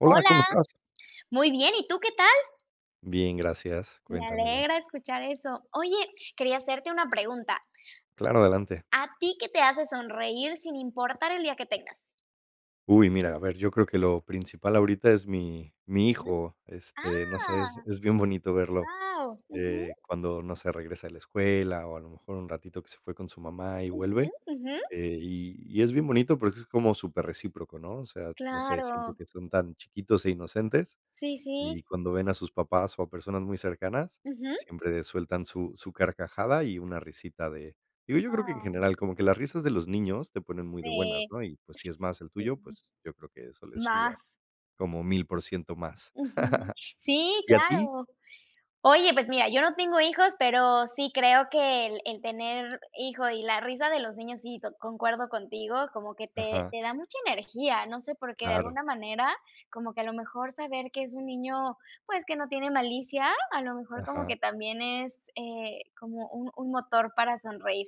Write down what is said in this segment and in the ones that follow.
Hola, Hola. ¿cómo estás? Muy bien, ¿y tú qué tal? Bien, gracias, Me cuéntamelo. alegra escuchar eso. Oye, quería hacerte una pregunta. Claro, adelante. ¿A ti qué te hace sonreír sin importar el día que tengas? Uy, mira, a ver, yo creo que lo principal ahorita es mi mi Ujú. hijo, este, no sé, es Ah. es bien bonito verlo, Guau, ujú. eh, cuando, no sé, regresa de la escuela, o a lo mejor un ratito que se fue con su mamá y Ujú, vuelve, ujú. eh, y y es bien bonito, porque es como super recíproco, ¿no? O sea, no sé, siento Claro. que son tan chiquitos e inocentes, Sí, y sí. cuando ven a sus papás, o a personas muy cercanas, Ujú. siempre sueltan su su carcajada y una risita de digo, yo creo que en general, Ah. como que las risas de los niños, te ponen muy de buenas, Sí. ¿no?, y pues, si es más el tuyo, pues, yo creo que [unintelligible] eso le sube a Más. como 1000% más. Ujú. Sí, ¿Y a ti? claro. Oye, pues mira, yo no tengo hijos, pero sí creo que el el tener hijo y la risa de los niños, sí to concuerdo contigo, como que te Ajá. te da mucha energía, no sé, por qué, de Claro. alguna manera, como que a lo mejor saber que es un niño, pues, que no tiene malicia. A lo mejor como que Ajá. también es, eh, como un un motor para sonreír.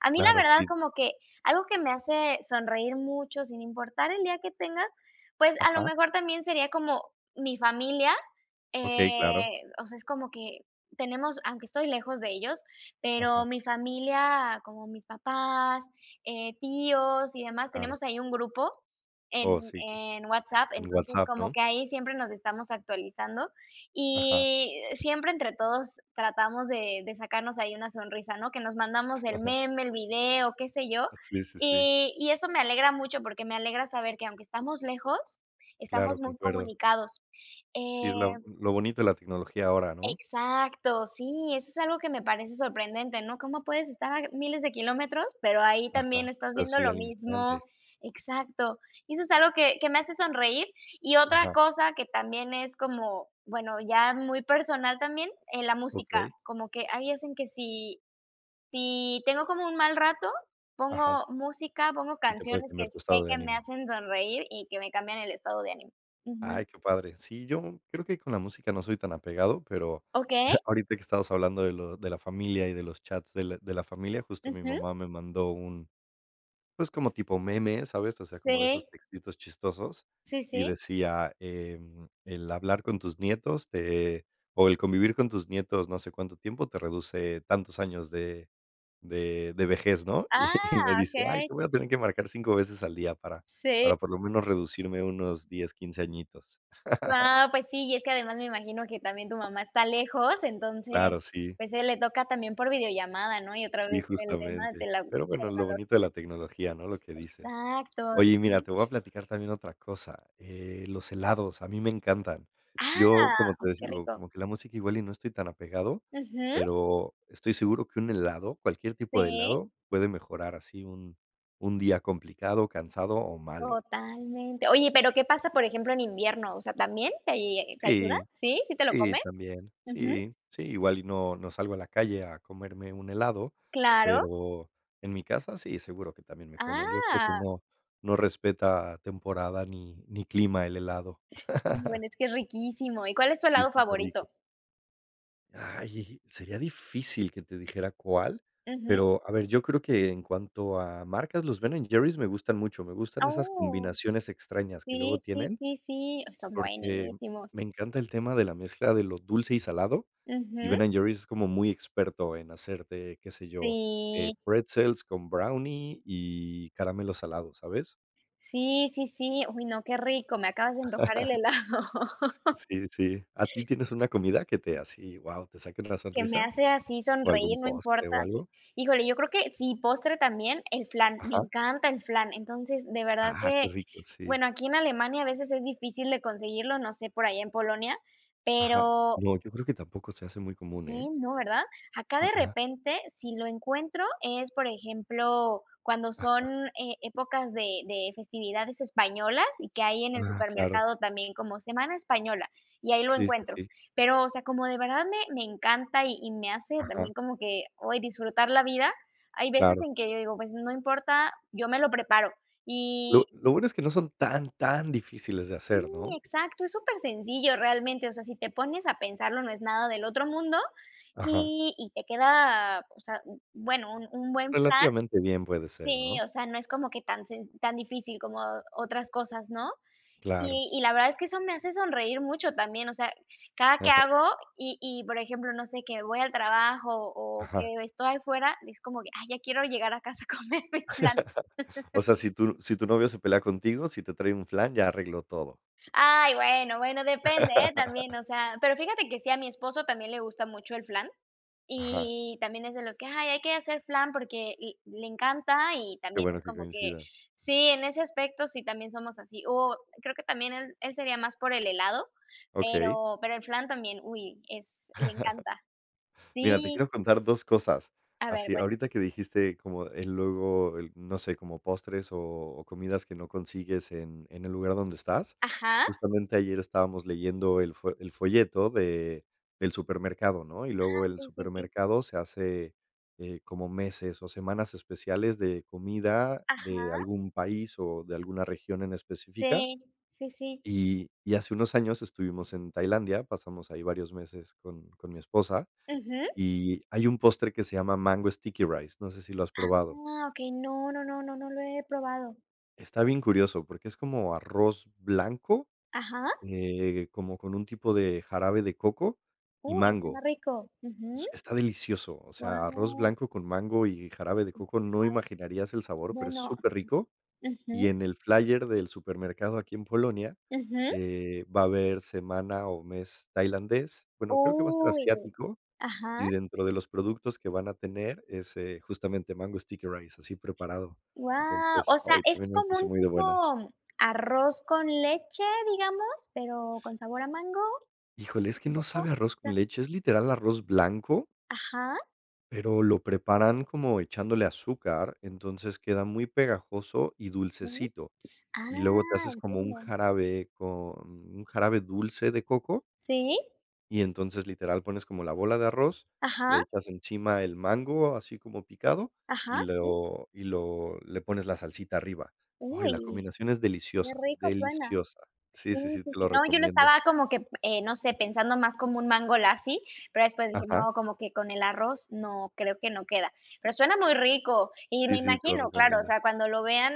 A mí, Claro, la verdad, sí. como que algo que me hace sonreír mucho, sin importar el día que tenga, pues, a lo Ajá. mejor también sería como mi familia, Okey, claro. eh, o sea, es como que tenemos aunque estoy lejos de ellos, pero Ajá. mi familia, como mis papás, eh, tíos y demás, Claro. tenemos ahí un grupo en Oh, sí, cla en WhatsApp, en entonces WhatsApp, como ¿no? que ahí siempre nos estamos actualizando, Ajá. y siempre entre todos tratamos de de sacarnos ahí una sonrisa, ¿no? Que nos mandamos el meme, el video, qué sé yo, Ah, sí, sí, sí. y y eso me alegra mucho, porque me alegra saber que aunque estamos lejos, Claro, estamos muy concuerdo. comunicados, Sí, es la eh lo bonito de la tecnología ahora, ¿no? exacto, sí, eso es algo que me parece sorprendente, ¿no?, cómo puedes estar a g miles de kilómetros, pero ahí también Ajá, estás pero viendo sí, lo al mismo instante. exacto. Y eso es algo que que me hace sonreír. Y otra Ajá. cosa que también es como bueno, ya muy personal también, eh, la música, Okey. como que ahí hacen que si, si tengo como un mal rato, Ajá. pongo música, pongo Y te puede canciones que cambiar tu sé estado de que me ánimo. hacen sonreír y que me cambian el estado de ánimo. Ujú. Ay, qué padre, sí, yo creo que ahí con la música no soy tan apegado, pero Okey. ahorita que estamos hablando de lo de la familia, y de los chats de la de la familia, justo, mi Ujú. mamá me mandó un, pues, como tipo meme, ¿sabes?, o sea, como de esos Sí. textitos chistosos, Sí, y sí. decía: "Em, el hablar con tus nietos te, o el convivir con tus nietos no sé cuánto tiempo te reduce tantos años de, de de vejez", ¿no? Y me Ah, dice: "Ay, okey. te voy a tener que marcar 5 veces al día para Sí. para por lo menos reducirme unos 10, 15 añitos". Guau, pues sí, y es que además me imagino que también tu mamá está lejos, entonces, Claro, sí. pues, a ella le toca también por videollamada, ¿no? Y otra Sí, vez el tema de justamente, la tecnología. pero bueno, lo bonito de la tecnología, ¿no?, lo que dices. Exacto. Oye, y mira, Sí. te voy a platicar también otra cosa, eh, los helados a mí me encantan. Ah, Yo, como oh, te qué digo, rico. como que la música igual y no estoy tan apegado, Ujú. pero estoy seguro que un helado, cualquier tipo de Sí. helado, puede mejorar así un, un día complicado, cansado o malo. Totalmente. Oye, pero, ¿qué pasa, por ejemplo, en invierno?, o sea, ¿también te te ayuda? Sí, ¿Sí? ¿Sí te lo sí, comes? también, Ujú. sí, sí, igual. Y no, no salgo a la calle a comerme un helado, Claro. pero en mi casa sí, seguro que también me como yo creo que Ah. no, no respeta temporada ni, ni clima el helado. Bueno, es que es riquísimo, ¿y cuál es tu Y es helado súper rico. favorito? Ay, sería difícil que te dijera cuál, Ujú. pero a ver, yo creo que en cuanto a marcas, los Ben& Jerry's me gustan mucho, me gustan esas Oh, combinaciones extrañas que luego sí. Sí, tienen. sí, sí, son Porque buenísimos. me encanta el tema de la mezcla de lo dulce y salado, y Ujú. Ben& Jerry's es como muy experto en hacerte, qué sé yo, eh, Sí. pretzels con brownie y caramelo salado, ¿sabes? Sí, sí, sí. Uy, no, qué rico, me acabas de antojar el helado. Sí, sí, sí, a ti, ¿tienes una comida que te así, guau, te saquen la Que me sonrisa hace así o algún sonreír, no postre o importa, así. algo? Híjole, yo creo que sí, postre también, el flan, me Ajá. encanta el flan. Entonces, de verdad Ajá, que qué rico, sí. bueno, aquí en Alemania a veces es difícil de conseguirlo, no sé, por allá en Polonia, Ajá, pero no, yo creo que tampoco se hace muy común, ¿eh? sí, no, ¿verdad?, acá de Ajá. repente, si lo encuentro es, por ejemplo, cuando Ajá. son, eh, épocas de de festividades españolas, y que hay en el Ah, claro. supermercado también como semana española, y ahí lo Sí, sí, encuentro. sí. Pero, o sea, como de verdad me me encanta, y y me hace Ajá. también como que hoy disfrutar la vida. Hay veces Claro. en que yo digo: "Pues, no importa, yo me lo preparo". Lo Y lo bueno es que no son tan tan difíciles de sí, hacer, ¿no? exacto, es supersencillo realmente. O sea, si te pones a pensarlo no es nada del otro mundo, Ajá. y y te queda o sea, bueno, un un buen flan Relativamente bien puede ser, sí, ¿no? o sea, no es como que tan sen tan difícil como otras cosas, ¿no? Claro. Y y la verdad es que eso me hace sonreír mucho también, o sea, cada que Ajá. hago y y, por ejemplo no sé, que voy al trabajo, o Ajá. que estoy afuera, es como que: "Ay, ya quiero llegar a casa a comerme el flan". O sea, si tu si tu novio se pelea contigo, si te trae un flan, ya arregló todo. Ay, bueno, bueno, depende, eh, también o sea, pero fíjate que sí, a mi esposo también le gusta mucho el flan, Ajá. y también es de los que: "Ay hay que hacer flan porque" y le encanta. Y Qué también bueno es que como que coincidan. sí, en ese aspecto, sí, también somos así, o, creo que también él él sería más por el helado, Okey. pero pero el flan también, uy, es le encanta. Mira, te Sí. quiero contar 2 cosas, A ver, así cuéntame. ahorita que dijiste como el luego el no sé, como postres, o o comidas que no consigues en en el lugar donde estás, Ajá. justamente ayer estábamos leyendo el fo el folleto de del supermercado, ¿no?, y luego Ah, el sí, sí, sí. supermercado se hace, eh, como meses o semanas especiales de comida de Ajá. algún país, o de alguna región en específica, Sí. Sí, sí. y y hace unos años estuvimos en Tailandia, pasamos ahí varios meses con con mi esposa, Ujú. y hay un postre que se llama mango sticky rice, no sé si lo has probado. Ah, okey, no, no, no, no, no lo he probado. Está bien curioso, porque es como arroz blanco, Ajá. eh, como con un tipo de jarabe de coco y Uy, suena mango, rico. Ujú. s está delicioso, o sea, arroz Guau. blanco con mango y jarabe de [unintelligible] coco no imaginarías el sabor, pero es Bueno. superrico. Y Ujú. en el flyer del supermercado aquí en Polonia, Ujú. eh, va a haber semana o mes tailandés. Bueno, creo que va a ser Uy, de asiático, ajá. y dentro de los productos que van a tener es, eh, justamente mango sticky rice, así preparado, Guau, entonces, o sea, ay, es también me como puse un muy de buenas. tipo arroz con leche, ¿digamos?, ¿pero con sabor a mango Híjole, es y que no coco? sabe a arroz O sea. con leche, es literal arroz blanco Ajá. pero lo preparan como echándole azúcar. Entonces queda muy pegajoso y Sí. dulcecito, Ah, y luego te haces como un entiendo. jarabe, con un jarabe dulce de coco Sí. y entonces literal pones como la bola de arroz, Ajá. le echas encima el mango, así como picado, y Ajá, sí. lo y lo le pones la salsita arriba. Ay, la Uy. combinación es Qué deliciosa, rico suena. deliciosa. Sí, Sí, sí, sí, sí, te sí, lo no, yo lo recomiendo. estaba como que, eh, no sé, pensando más como un mango lassi, pero después dije: Ajá. "No, como que con el arroz no, creo que no queda". Pero suena muy rico, y Sí, me sí, te lo imagino, claro, o recomiendo. sea, cuando lo vean,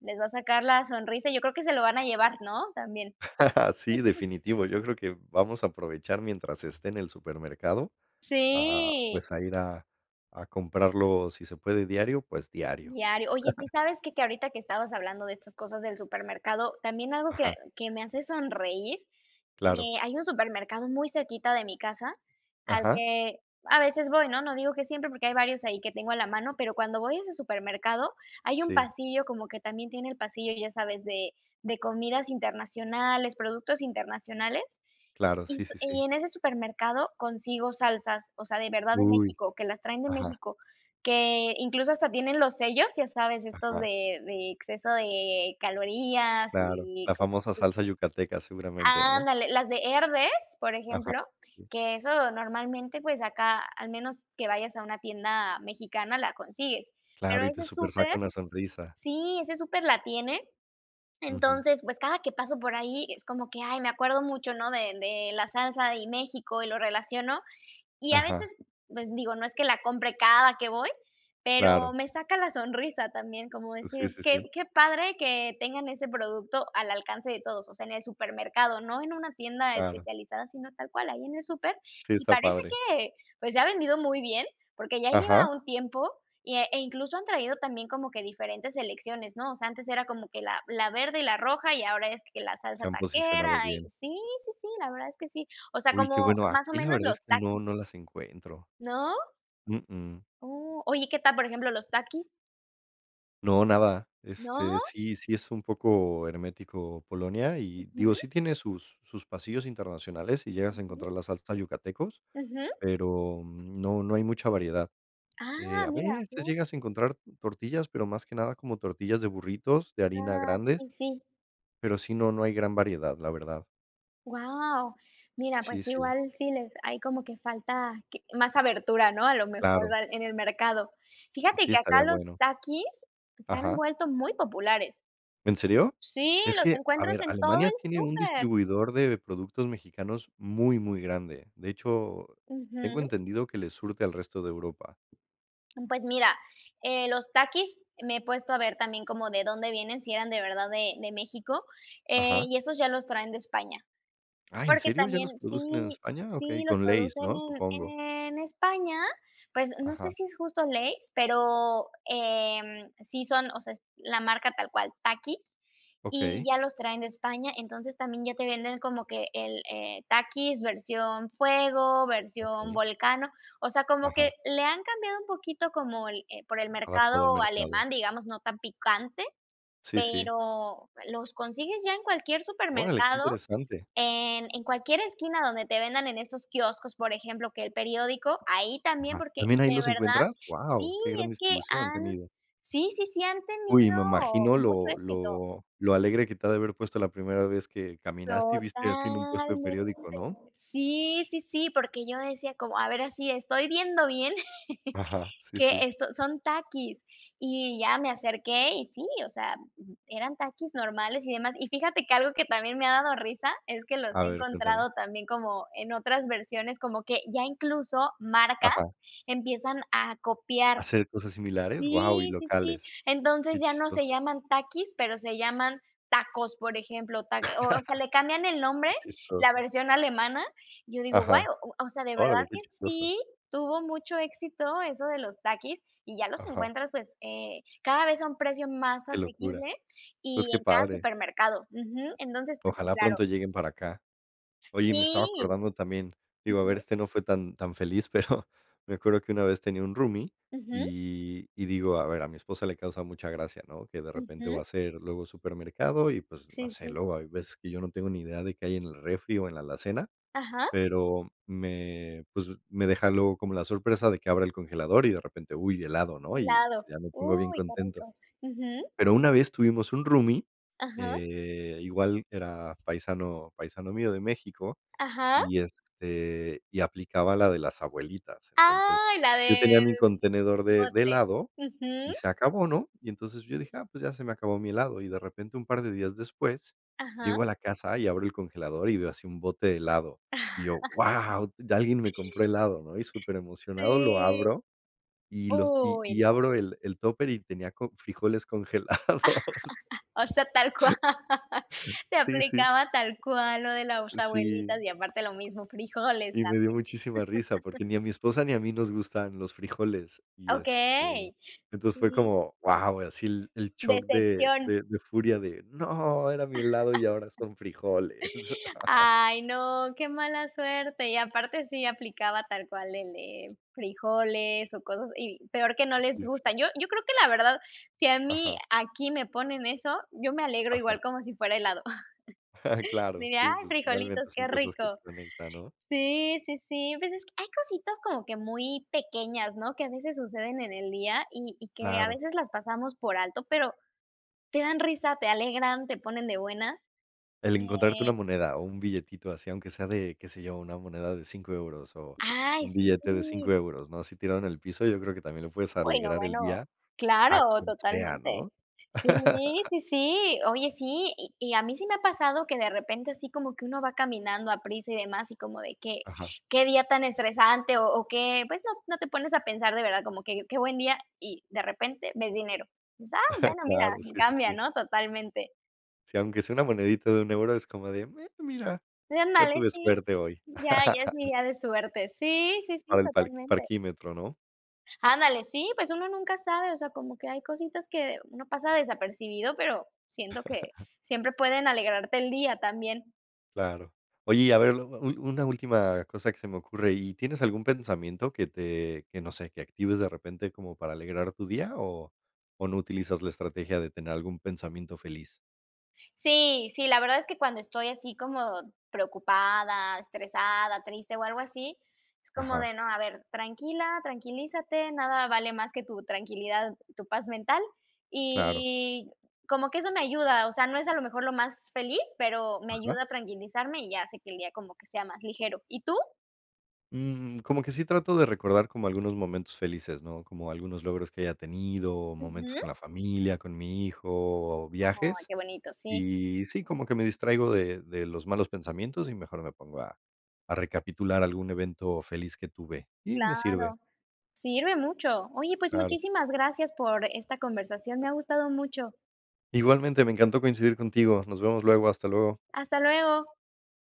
les va a sacar la sonrisa, yo creo que se lo van a llevar, ¿no?, también. Sí, definitivo, yo creo que vamos a aprovechar mientras esté en el supermercado, a, Sí. pues, a ir a a comprarlo, si se puede diario, pues diario. Diario. Oye, sí, ¿sabes qué?, que ahorita que estabas hablando de estas cosas del supermercado, también algo que Ajá. que me hace sonreír, Claro. eh, hay un supermercado muy cerquita de mi casa al Ajá. que, a veces voy, ¿no?, no digo que siempre, porque hay varios ahí que tengo a la mano, pero cuando voy a ese supermercado, hay un Sí. pasillo como que también tiene el pasillo, ¿ya sabes?, de de comidas internacionales, productos internacionales, Claro, y sí, sí, sí. en ese supermercado consigo salsas, o sea, de verdad de Uy. México, que las traen de Ajá. México, que incluso, hasta tienen los sellos, ¿ya sabes?, estos Ajá. de de exceso de calorías, Claro, y la como famosa de salsa yucateca seguramente, ¿no? ándale, las de Herdez, por Ajá, ejemplo, sí. que eso normalmente, pues, acá, al menos que vayas a una tienda mexicana, la consigues. Pero Claro, y ese te súper súper saca una sonrisa. sí, ese súper la tiene. Ujú. Entonces, pues, cada que paso por ahí, es como que, ay, me acuerdo mucho, ¿no?, de de la salsa, y México y lo relaciono. Y a Ajá. veces, pues, digo, no es que la compre cada que voy, pero Claro. me saca la sonrisa también, como decir: Sí, sí, "Qué sí. qué padre que tengan ese producto al alcance de todos", o sea, en el supermercado, no en una tienda Claro. especializada, sino tal cual ahí en el súper. Sí, Y está parece padre. que, pues, se ha vendido muy bien, porque ya Ajá. lleva un tiempo, y e incluso, han traído también como que diferentes selecciones, ¿no? O sea, antes era como que la la verde y la roja, y ahora es, que la salsa Se han posicionado taquera, y bien. sí, sí, sí, la verdad es que sí, o sea, Uy, qué como, bueno, más o aquí la menos, verdad los es que no Takis. no las encuentro. ¿No? Uh, uh. Oh, oye, ¿qué tal, por ejemplo, los Takis? No, nada. ¿No? Este, sí sí es un poco hermético Polonia, y, digo, Ujú. sí tiene sus sus pasillos internacionales y llegas a Ujú. encontrar la salsa Yucatecos, Ujú. pero no no hay mucha variedad, eh, Ah, a mira. veces [unintelligible] llegas a encontrar tortillas, pero más que nada como tortillas de burritos, de harina Ah, grandes sí, sí. pero sí, no no hay gran variedad, la verdad. Guau. Mira, pues, Sí, sí. igual sí les ahí como que falta q más abertura, ¿no?, a lo mejor Claro. en el mercado. Fíjate Sí, que acá estaría los bueno. Takis se han Ajá. vuelto muy populares. ¿En serio? Sí, Es los que, a encuentras ver, en todo Alemania el tiene un súper. distribuidor de productos mexicanos muy muy grande, de hecho, tengo Ujú. entendido que le surte al resto de Europa. Pues mira, eh, los Takis me he puesto a ver también como de dónde vienen, si eran de verdad de de México, eh, Ajá. y esos ya los traen de España. Ah, ¿en Porque serio? ¿Ya también los producen en sí España? sí Okey, los con Lays, producen ¿no?, supongo. en en España, pues, no sé Ajá. si es justo Lays, pero, em, sí son o sea, es la marca tal cual, Takis, y Okey. ya los traen de España. Entonces, también ya te venden como que el el Takis versión fuego, versión Okey. volcano. O sea, como Ajá. que le han cambiado un poquito como el por el mercado Adaptado al mercado. alemán, digamos, no tan picante, Sí sí. pero los consigues ya en cualquier Órale, qué supermercado, interesante. en en cualquier esquina donde te vendan en estos quioscos, por ejemplo, que el periódico, ahí también, Ajá, porque ¿también ahí de los verdad encuentras? sí, Guau, qué gran es que distribución han han tenido. sí, sí, sí han tenido Uy, me imagino mucho lo éxito. lo lo alegre que te ha de haber puesto la primera vez que caminaste, y viste así en un puesto de Totalmente. periódico, ¿no? Sí, sí, sí, porque yo decía como: "A ver así estoy viendo bien Ajá, sí, que, sí. eh, son son Takis", y ya me acerqué, y sí, o sea, eran Takis normales y demás. Y fíjate que algo que también me ha dado risa es que los A he ver, cuéntame. encontrado también como en otras versiones, como que ya, incluso, marcas Ajá. empiezan a copiar Hacer cosas similares, guau, y sí, sí, sí, locales. entonces Qué ya no se chistoso. llaman Takis, pero se llaman tacos, por ejemplo, ta o o sea, le cambian el nombre, Qué la chistoso. versión alemana, yo digo: "Guau", Ajá. o sea, de verdad Órale, qué que chistoso. sí tuvo mucho éxito eso de los Takis, y ya los Ajá. encuentras, pues, eh, cada vez a un precio más Qué locura. asequible Pues, y qué en cada padre. supermercado, ujú. Entonces, pues sí, Ojalá claro. pronto lleguen para acá. Oye, me estaba Sí. acordando también, digo, a ver, Ujú. este no fue tan tan feliz, pero me acuerdo que una vez tenía un roomie, Ujú. y y digo, a ver, a mi esposa le causa mucha gracia, ¿no?, que de repente Ujú. va a hacer luego supermercado, y, pues, no Sí, sé, sí. luego hay veces que yo no tengo ni idea de qué hay en el refri, o en la alacena, Ajá. pero me, pues, me deja luego como la sorpresa de que abra el congelador y de repente, uy, helado, ¿no?, y Helado. ya me pongo bien Uy, qué contento. rico. Ujú. Pero una vez tuvimos un roomie, Ajá. eh, igual era paisano paisano mío de México, Ajá. y este, y aplicaba la de las abuelitas. Entonces, Ay, la yo del tenía mi contenedor de de bote. helado Ujú. y se acabó, ¿no?, y entonces, yo dije: "Ah, pues, ya se me acabó mi helado", y de repente un par de días después Ajá. llego a la casa y abro el congelador, y veo así, un bote helado, y yo, guau, ya alguien me compró helado, ¿no?, y superemocionado lo Sí. abro, y lo y Uy, y no. abro el el Tupper, y tenía co frijoles congelados. O sea, tal cual. [unintelligible] Te Sí, sí. aplicaba tal cual lo de la s Sí. abuelitas. Y, aparte, lo mismo, frijoles Y me dio también. muchísima risa, porque ni a mi esposa, ni a mí nos gustan los frijoles, y, este, Okey. entonces, fue Sí. como guau, así el el shock de Decepción. de de furia de, no, era mi helado y ahora son frijoles. Ay, no, qué mala suerte, y aparte sí aplicaba tal cual el de frijoles, o cosas y peor que no les Sí sí. gustan, yo yo creo que la verdad, si a mí Ajá. aquí me ponen eso, yo me alegro Ajá. igual como si fuera helado. Claro, Diría: sí, "Ay pues frijolitos, finalmente son qué cosas que rico" te conectan, ¿no? sí, sí, sí, pues es que hay cositas como que muy pequeñas, ¿no?, que a veces suceden en el día, y y que a Claro. veces las pasamos por alto, pero te dan risa, te alegran, te ponen de buenas, El encontrarte eh una moneda o un billetito así, aunque sea de, ¿qué se yo?, una moneda de 5€ euros, o Ay, un billete de sí. 5€ euros, ¿no?, así tirado en el piso, yo creo que también le puedes Uy no, alegrar el bueno, día a claro, quien sea, totalmente. ¿no? Sí, sí, sí, oye, sí, y y a mí sí me ha pasado, que de repente así como que uno va caminando a prisa. y demás, y como de que: Ajá. "Qué día tan estresante", o o qué pues no, no te pones a pensar de verdad como que: "Qué buen día", y de repente ves dinero. Dices: "Ah, bueno, mira", Claro, sí, sí, cambia, sí. ¿no?, totalmente. Sí, aunque sea una monedita de 1€ euro es como de: "Me mira, Sí, ya ándale, tuve sí. suerte hoy". Ya ya es mi día de suerte. Sí, sí, sí, Para el parq totalmente. parquímetro, ¿no? Ándale, sí, pues uno nunca sabe, o sea, como que hay cositas que uno pasa desapercibido, pero siento que siempre pueden alegrarte el día también. Claro, oye, y a ver, luego, un una última cosa que se me ocurre, ¿y tienes algún pensamiento que te que no sé, que actives de repente como para alegrar tu día o o no utilizas la estrategia de tener algún pensamiento feliz? Sí, sí, la verdad es que cuando estoy así como preocupada, estresada, triste o algo así, es como Ajá. de: "No, a ver, tranquila, tranquilízate, nada vale más que tu tranquilidad, tu paz mental", Claro. y como que eso me ayuda. O sea, no es a lo mejor lo más feliz, pero me Ajá. ayuda a tranquilizarme, y ya hace que el día como que sea más ligero, ¿y tú? Mm, como que sí trato de recordar como algunos momentos felices, ¿no? Como algunos logros que haya tenido, momentos Ujú. con la familia, con mi hijo o Ay, viajes, qué bonito, sí. y sí, como que me distraigo de de los malos pensamientos, y mejor me pongo a a recapitular algún evento feliz que tuve, y me sirve. Claro. Sirve mucho. Oye, pues, Claro. muchísimas gracias por esta conversación, me ha gustado mucho. Igualmente, me encantó coincidir contigo, nos vemos luego, hasta luego. Hasta luego.